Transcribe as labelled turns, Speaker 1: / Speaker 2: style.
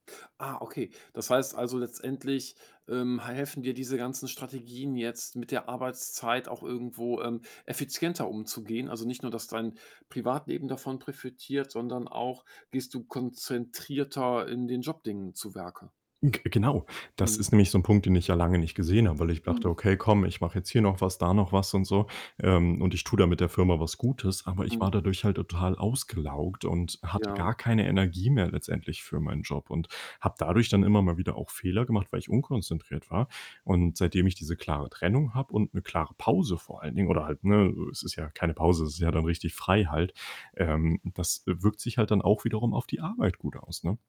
Speaker 1: Ah, okay. Das heißt also, letztendlich, ähm, ha helfen dir diese ganzen Strategien jetzt, mit der Arbeitszeit auch irgendwo, ähm, effizienter umzugehen? Also nicht nur, dass dein Privatleben davon profitiert, sondern auch gehst du konzentrierter in den Job-Dingen zu Werke?
Speaker 2: G genau, das
Speaker 1: Mhm.
Speaker 2: ist nämlich so 'n Punkt, den ich ja lange nicht gesehen habe, weil ich dachte:
Speaker 1: Mhm.
Speaker 2: „Okay, komm, ich mache jetzt hier noch was, da noch was“, und so. Ähm, und ich tue damit der Firma was Gutes, aber ich
Speaker 1: Mhm.
Speaker 2: war dadurch halt total ausgelaugt und hatte
Speaker 1: Ja.
Speaker 2: gar keine Energie mehr letztendlich für meinen Job und habe dadurch dann immer mal wieder auch Fehler gemacht, weil ich unkonzentriert war. Und seitdem ich diese klare Trennung habe und 'ne klare Pause vor allen Dingen oder halt, ne es ist ja keine Pause, es ist ja dann richtig frei halt, ähm, das wirkt sich halt dann auch wiederum auf die Arbeit gut aus, ne?